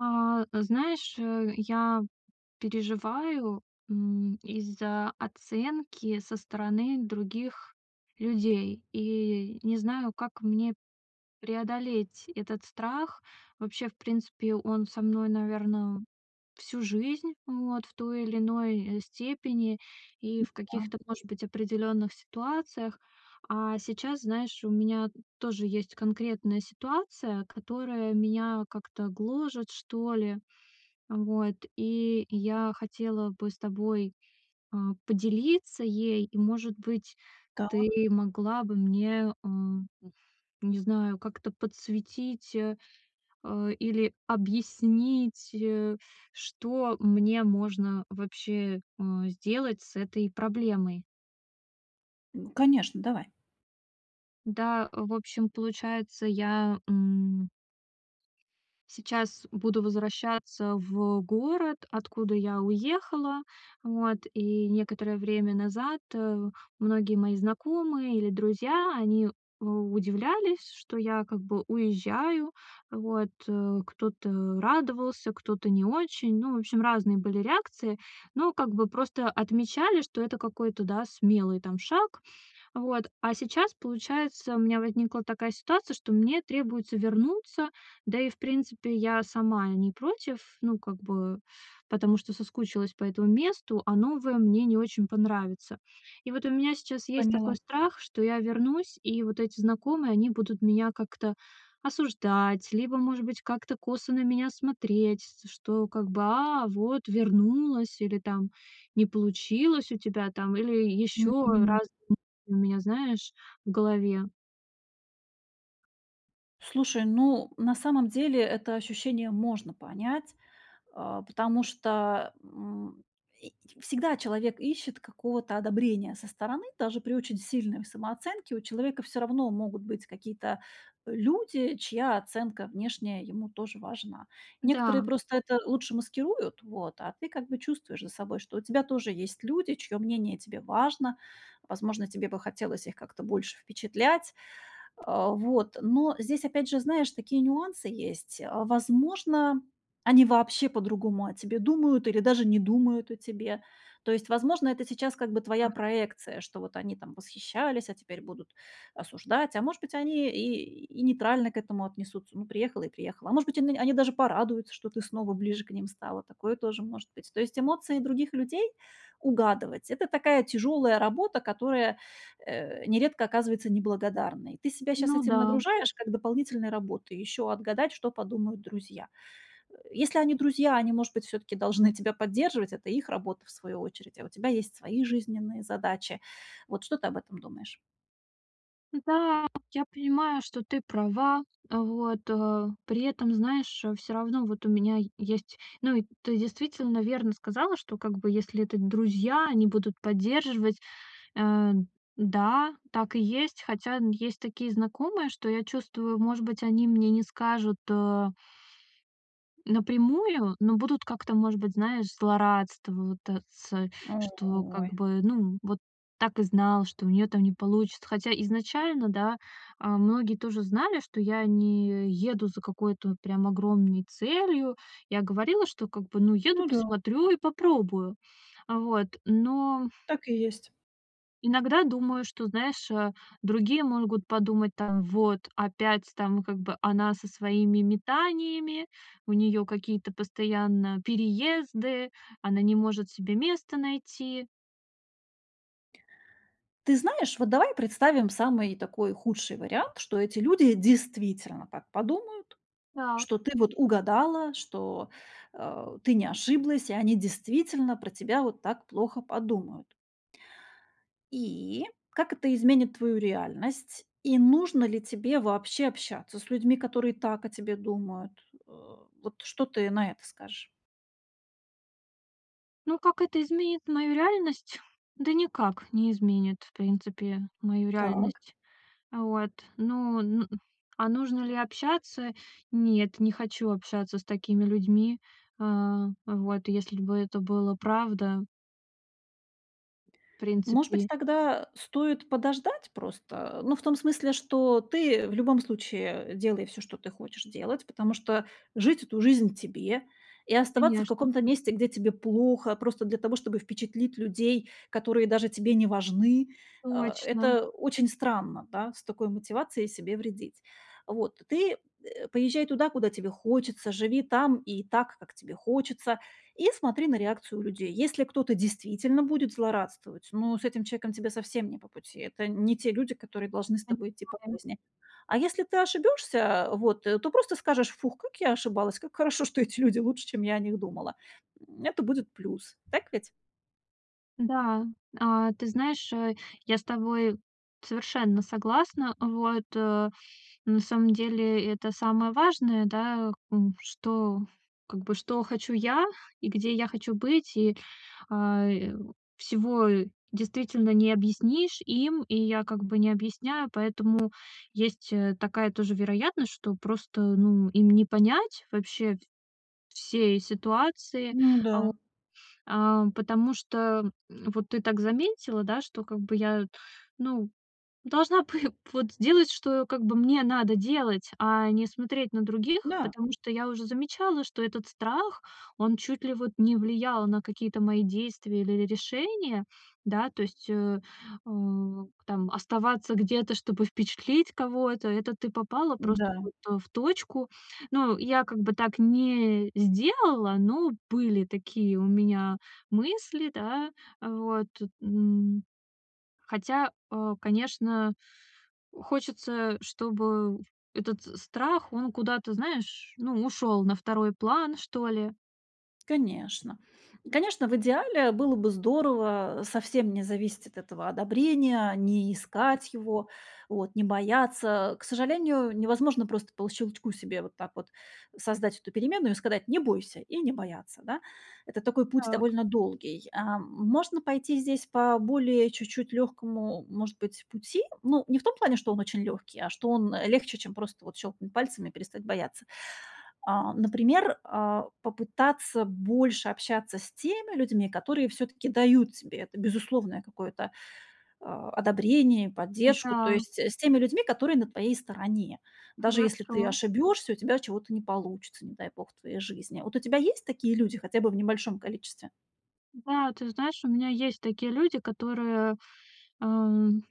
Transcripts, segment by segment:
А знаешь, э, я переживаю, м, из-за оценки со стороны других людей. И не знаю, как мне преодолеть этот страх. Вообще, в принципе, он со мной, наверно, всю жизнь, вот, в той или иной, э, степени, и М. в Да. каких-то, может быть, определённых ситуациях. А сейчас, знаешь, у меня тоже есть конкретная ситуация, которая меня как-то гложет, что ли. Вот, и я хотела бы с тобой, а, поделиться ей. И может быть, Так. ты могла бы мне, эм, уф не знаю, как-то подсветить, э, а, или объяснить, э, что мне можно вообще, э, сделать с этой проблемой. Ну конечно, давай. Да, э, в общем получается я, м сейчас буду возвращаться в город, откуда я уехала. Вот, и некоторое время назад, э, многие мои знакомые или друзья, они, у удивлялись, что я как бы уезжаю. Вот, э, кто-то радовался, кто-то не очень. Ну, в общем, разные были реакции, но как бы просто отмечали, что это какой-то, да, смелый там шаг. Вот, а сейчас, получается, у меня возникла такая ситуация, что мне требуется вернуться. Да и в принципе я сама не против. Ну, как бы потому что соскучилась по этому месту, а новое мне не очень понравится. И вот у меня сейчас есть такой Поняла. страх, что я вернусь, и вот эти знакомые, они будут меня как-то осуждать, либо может быть как-то косо на меня смотреть, с что как бы "а, вот вернулась" или там "не получилось у тебя там" или ещё разные Мгм. мысли у меня знаешь в голове. Слушай, ну, на самом деле, это ощущение можно понять, а, потому что, м, и всегда человек ищет какого-то одобрения со стороны. Даже при очень сильной самооценке у человека всё равно могут быть какие-то, э, люди, чья оценка внешняя ему тоже важна. Некоторые Да. просто это лучше маскируют, вот, а ты как бы чувствуешь за собой, что у тебя тоже есть люди, чьё мнение тебе важно. Возможно, тебе бы хотелось их как-то больше впечатлять. А, вот. Но здесь, опять же, знаешь, такие нюансы есть, а. Возможно, они вообще по-другому о тебе думают или даже не думают о тебе. То есть, возможно, это сейчас как бы твоя Так. проекция, что вот они там восхищались, а теперь будут осуждать, а может быть, они и и нейтрально к этому отнесутся. Ну, приехала и приехала. А может быть они, они даже порадуются, что ты снова ближе к ним стала. Такое тоже может быть. То есть эмоции других людей угадывать это такая тяжёлая работа, которая, э, нередко оказывается неблагодарной. Ты себя щас Ну этим да. нагружаешь как дополнительной работой, еще отгадать, что подумают друзья. Э, если они друзья, они, может быть, всё-таки должны тебя поддерживать, это их работа, в свою очередь, а у тебя есть свои жизненные задачи. Вот что ты об этом думаешь? Да, я понимаю, что ты права. А, вот, э. При этом, знаешь, э, всё равно вот у меня есть. Ну и ты действительно верно сказала, что как бы если это друзья, они будут поддерживать, э. Да, так и есть. Хотя есть такие знакомые, что я чувствую, может быть, они мне не скажут, а напрямую, но будут как-то, может быть, знаешь, злорадство вот, э, цэ что как Ой! бы, ну, "вот так и знал", что у неё там не получится. Хотя изначально, да, а, многие тоже знали, что я не еду за какой-то вот прям огромной целью. Я говорила, что как бы, "ну, еду Ну да. посмотрю и попробую". А, вот, но Так и есть. иногда думаю, что, знаешь, а, другие могут подумать, там: "Вот опять там как бы она со своими метаниями, у неё какие-то постоянно переезды, она не может себе место найти". Ты знаешь, вот давай представим самый такой худший вариант, что эти люди действительно так подумают, что Так. ты вот угадала, что, а, ты не ошиблась и они действительно про тебя вот так плохо подумают. И, как это изменит твою реальность? И нужно ли тебе вообще общаться с людьми, которые так о тебе думают? А, вот что ты на это скажешь? Ну как это изменит мою реальность? Да никак не изменит, в принципе, мою Так. реальность. А вот. Ну н А нужно ли общаться? Нет, не хочу общаться с такими людьми. А. Вот, если бы это было правда В Может быть, принципе. тогда, э, стоит подождать просто? Ну, в том смысле, что ты, в любом случае, делай всё, что ты хочешь делать, потому что жить эту жизнь тебе, и оставаться в Конечно. каком-то месте, где тебе плохо, просто для того, чтобы впечатлить людей, которые даже тебе не важны, э, Точно. это очень странно, да, с такой мотивацией себе вредить. Вот, ты, э, поезжай туда, куда тебе хочется, живи там и так, как тебе хочется, и смотри на реакцию людей. Если кто-то действительно будет злорадствовать, ну, с этим человеком тебе совсем не по пути. Это не те люди, которые должны с тобой идти по Понимаю. жизни. А если ты ошибёшься, вот, э, то просто скажешь: "Фух, как я ошибалась, как хорошо, что эти люди лучше, чем я о них думала". М, это будет плюс, так ведь? Да, а, ты знаешь, э, я с тобой совершенно согласна. Вот, э, на самом деле, это самое важное, да, к у что, как бы что хочу я и где я хочу быть. И, а, э, всего действительно не объяснишь им, и я как бы не объясняю. Поэтому есть, э, такая тоже вероятность, что просто, ну, им не понять вообще в всей ситуации, Ну а, о да. Ам, потому что, м, вот ты так заметила, да, что как бы я, ну, должна пы вот сделать, что как бы мне надо делать, а не смотреть на других. Да. Потому что я уже замечала, что этот страх, он чуть ли вот не влиял на какие-то мои действия или ри решения. Да, то есть, э, у там оставаться где-то, чтобы впечатлить кого-то- это ты попала просто, М-да. вот, э, в точку. Ну, я как бы так не сделала, но были такие у меня мысли, да. Э, вот, м. Хотя, э, конечно, хочется, чтобы этот страх, он куда-то, знаешь, ну, ушёл на второй план, что ли. Конечно. Конечно, в идеале было бы здорово совсем не зависеть от этого одобрения, не искать его, вот не бояться. К сожалению, невозможно просто по щелчку себе вот так вот создать эту переменную и сказать: "Не бойся", и не бояться, да. Это такой путь Так. довольно долгий. Эм, можно пойти здесь по более чуть-чуть легкому, может быть, пути. Ну, не в том плане, что он очень легкий, а что он, э, легче, чем просто вот щелкнуть пальцами и перестать бояться. А, например, а, попытаться больше общаться с теми людьми, которые все-таки дают тебе это, безусловное какое-то, э, одобрение и поддержку, то М-да. есть, э, с теми людьми, которые на твоей стороне. Даже если ты Хорошо. ошибешься, и у тебя чего-то не получится, не дай бог, в твоей жизни. Вот у тебя есть такие люди хотя бы в небольшом количестве? Да, ты знаешь, у меня есть такие люди, которые, эм,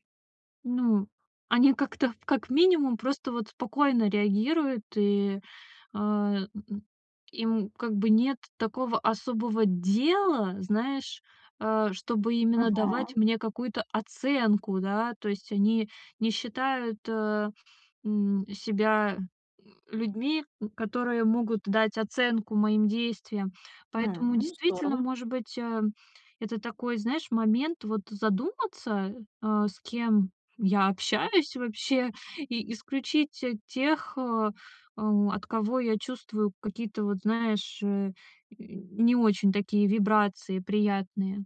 ну, они как-то, как минимум просто вот спокойно реагируют, и, э, м, м, им как бы нет такого особого дела, знаешь, э, чтобы именно давать Ага. мне какую-то оценку, да. То есть они не считают, э, м, себя, м, людьми, м, которые могут дать оценку моим действиям. Поэтому, Хм. Ну, действительно, здорово. может быть, эм, это такой, знаешь, момент вот задуматься, а, с кем я общаюсь вообще, и исключить, э, тех, э, о от кого я чувствую какие-то, вот знаешь, э, y не очень такие вибрации приятные.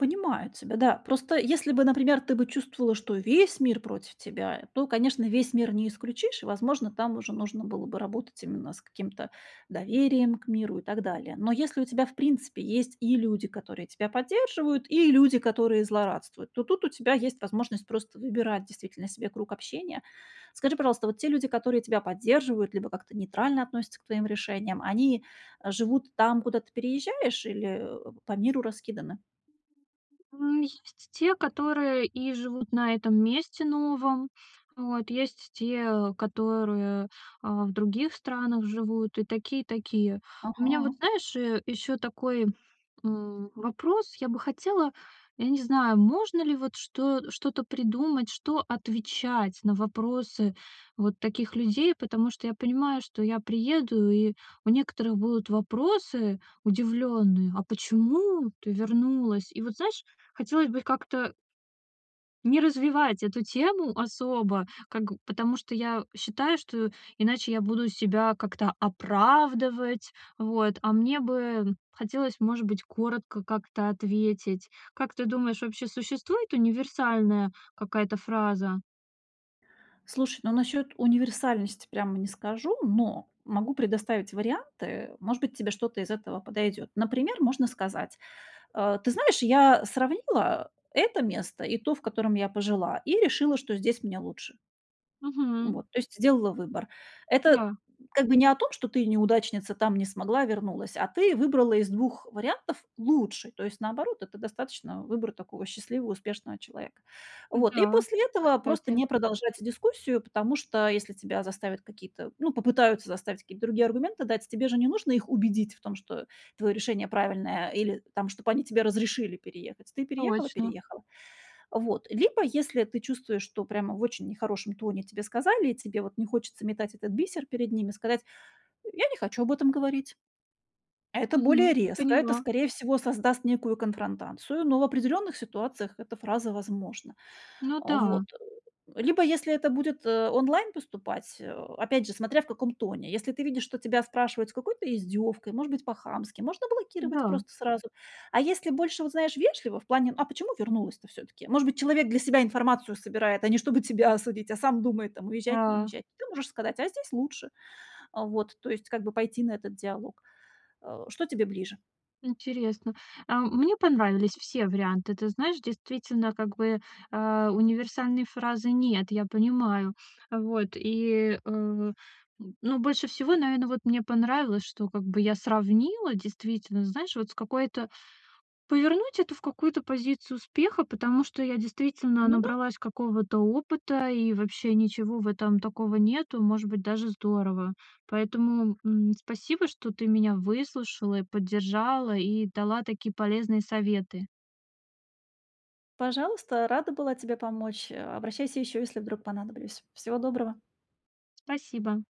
Понимаю тебя, да. Просто если бы, например, ты бы чувствовала, что весь мир против тебя, то, конечно, весь мир не исключишь, и, возможно, там уже нужно было бы работать именно с каким-то доверием к миру и так далее. Но если у тебя в принципе есть и люди, которые тебя поддерживают, и люди, которые злорадствуют, то тут у тебя есть возможность просто выбирать действительно себе круг общения. Скажи, пожалуйста, вот те люди, которые тебя поддерживают либо как-то нейтрально относятся к твоим решениям, они, э, живут там, куда ты переезжаешь, или, э, по миру раскиданы? М, есть те, которые и живут на этом месте новом. Вот, есть те, которые, а, в других странах живут, и такие, и такие. У меня вот, Ага. знаешь, э, ещё такой, м, вопрос. Я бы хотела, я не знаю, можно ли вот что что-то придумать, что отвечать на вопросы вот таких людей, потому что я понимаю, что я приеду, и у некоторых будут вопросы удивлённые: "А почему ты вернулась?" И вот, знаешь, хотелось бы их как-то не развивать эту тему особо, как, г потому что я считаю, что иначе я буду себя как-то оправдывать. Вот, а мне бы хотелось, может быть, коротко как-то ответить. Как ты думаешь, вообще существует универсальная какая-то фраза? Слушай, ну, насчёт универсальности прямо не скажу, но могу предоставить варианты. Может быть, тебе что-то из этого подойдёт. Например, можно сказать: э, ты знаешь, я сравнила это место и то, в котором я пожила, и решила, что здесь мне лучше. Мгм. Вот, то есть сделала выбор. Это Да. как бы не о том, что ты, и неудачница, там не смогла, вернулась, а ты выбрала из 2 вариантов лучший. То есть, наоборот, это достаточно выбор такого счастливого, успешного человека. Вот, и Да, после этого просто кстати. не продолжать дискуссию, потому что если тебя заставят какие-то, ну, попытаются заставить какие-то другие аргументы дать, тебе же не нужно их убедить в том, что твоё решение правильное, или там чтоб они тебе разрешили переехать. Ты переехала Точно. переехала. Вот, либо если ты чувствуешь, что прямо в очень нехорошем тоне тебе сказали, и тебе, вот, не хочется метать этот бисер перед ними, сказать: "Я не хочу об этом говорить". Это более Мгм, резко, это, поняла. скорее всего, создаст некую конфронтацию, но в определённых ситуациях эта фраза возможна. Ну Вот. да. Либо если это будет, э, онлайн поступать, э, опять же, смотря в каком тоне. Если ты видишь, что тебя спрашивают с какой-то издёвкой, может быть, по-хамски, можно блокировать Да. просто сразу. А если больше, вот, знаешь, вежливо, в плане: "А почему вернулась-то всё-таки?" Может быть, человек для себя информацию собирает, а не чтобы тебя осудить, а сам думает, там, уезжать, не Да. уезжать, ты можешь сказать: "А здесь лучше". А, вот, то есть как бы пойти на этот диалог. Э, что тебе ближе? Интересно. А, мне понравились все варианты. Ты знаешь, действительно, как бы, э, универсальной фразы нет, я понимаю. Э, вот, и, э, м, ну, больше всего, наверно, вот мне понравилось, что как бы я сравнила действительно, знаешь, вот с какой-то Повернуть это в какую-то позицию успеха, потому что я действительно Ну да. набралась какого-то опыта, и вообще ничего в этом такого нету, и, может быть, даже здорово. Поэтому, м, спасибо, что ты меня выслушала, и поддержала, и дала такие полезные советы. Пожалуйста, рада была тебе помочь, э, обращайся ещё, если вдруг понадоблюсь. Всего доброго. Спасибо.